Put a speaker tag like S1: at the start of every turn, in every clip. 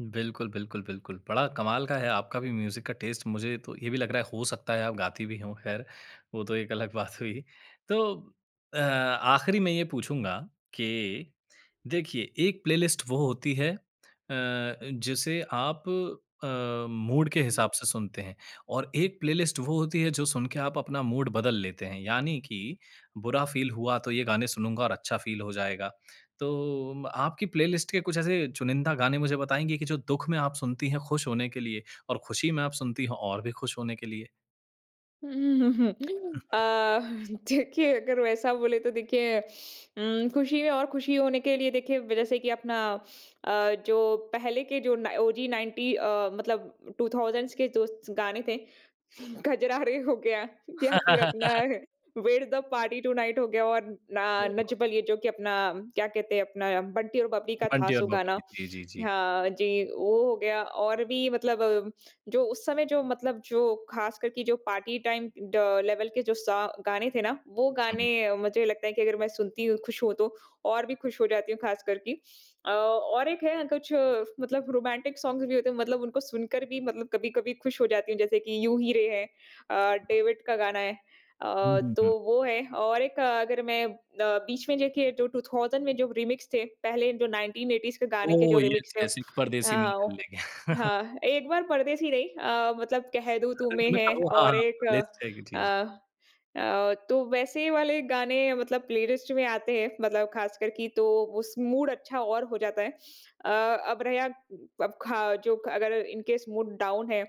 S1: बिल्कुल, बिल्कुल, बिल्कुल। बड़ा कमाल का है आपका भी म्यूज़िक का टेस्ट मुझे तो ये भी लग रहा है हो सकता है आप गाती भी हों खैर, वो तो एक अलग बात हुई। तो अ, आख़िरी में ये पूछूँगा कि देखिए एक प्लेलिस्ट वो होती है अ, जिसे आप अ, मूड के हिसाब से सुनते हैं और एक प्लेलिस्ट वो होती है जो सुन के आप अपना मूड बदल लेते हैं, यानी कि बुरा फील हुआ तो ये गाने सुनूँगा और अच्छा फील हो जाएगा। तो म आपकी प्लेलिस्ट के कुछ ऐसे चुनिंदा गाने मुझे बताएँगे कि जो दुःख में आप सुनती हैं, खुश होने के लिए और खुशी में आप सुनती हो और भी खुश होने के लिए?
S2: उम, हुँ, हुँ, हुँ। अ, देखिए अगर वैसा बोले तो देखिए उम, खुश ही हैं और खुशी होने के लिए देखिए जैसे कि अपना अ, जो पहले के जो ना ओजी 90 अ, मतलब 2000 के जो गाने थे कजरारे हो गया या फिर अपना where the party tonight हो गया और ना नच
S1: [unintelligible]
S2: बलिये जो कि अपना क्या कहते हैं अपना बंटी और बबली का था
S1: बंटी और
S2: सो गाना।
S1: बबली जी, जी, जी।
S2: हाँ जी, वो हो गया और भी मतलब जो उस समय जो मतलब जो ख़ास करके जो पार्टी टाइम ड लेवल के जो स गाने थे ना, वो
S1: हुँ।
S2: गाने मुझे लगता है कि अगर मैं सुनती हूँ खुश हूँ तो और भी खुश हो जाती हूँ ख़ास करके। अ, और एक है कुछ मतलब रोमांटिक सॉन्ग भी होते हैं, मतलब उनको सुनकर भी मतलब कभी-कभी खुश हो जाती हूँ, जैसे कि यूँ ही रे है अ, डेविड का गाना है अ,
S1: हुँ, हुँ,
S2: तो
S1: हुँ।
S2: वो है और एक अगर मैं अ, बीच में देखिए जो 2000 में जो रीमिक्स थे, पहले जो 1980s के गाने के जो
S1: ओह,
S2: रीमिक्स
S1: यस,
S2: थे
S1: यस एक परदेसी मेरा
S2: आओं
S1: दिल ले गया।
S2: हाँ, एक बार परदेसी नहीं अ, मतलब कह दूँ
S1: मतलब
S2: तुम्हें है
S1: [unintelligible] ओह, हाँ,
S2: और
S1: हाँ।
S2: एक
S1: [unintelligible]
S2: अ अ, तो वैसे वाले गाने मतलब प्लेलिस्ट में आते हैं मतलब ख़ासकर की तो उस मूड अच्छा और हो जाता है। अ, अब रहयाक अब खाओ जो ख अगर इन केस मूड डाउन है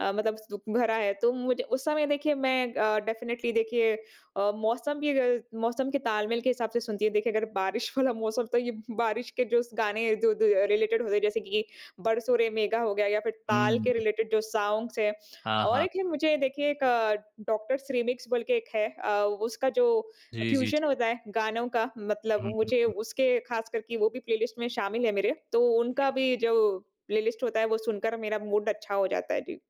S2: अ, मतलब दुःख भरा है तो मुझे उस समय देखिए मैं अ, डेफिनिटली देखिए अ, मौसम भी अग मौसम के ताल-मेल के हिसाब से सुनती हूँ। देखिए अगर बारिश वाला मौसम तो ये बारिश के जोस गाने जो दो रिलेटेड होते हैं जैसे कि बरसो रे मेघा हो गया या फिर ताल के
S1: हुँ।
S2: रिलेटेड जो सॉन्ग्स हैं।
S1: हाँ,
S2: और
S1: हाँ।
S2: एक है मुझे देखिए एक डॉक्टर्स रीमिक्स बोल के एक है अ, उसका जो अ,
S1: जी, जी,
S2: फ्यूजन
S1: जी।
S2: होता है गानों का मतलब
S1: हुँ, हुँ,
S2: मुझे
S1: हुँ।
S2: उसके ख़ास करके वो भी प्लेलिस्ट में शामिल है मेरे, तो
S1: जी।
S2: उनका भी जो प्लेलिस्ट होता है, वो सुनकर मेरा मूड अच्छा हो जाता है। जी।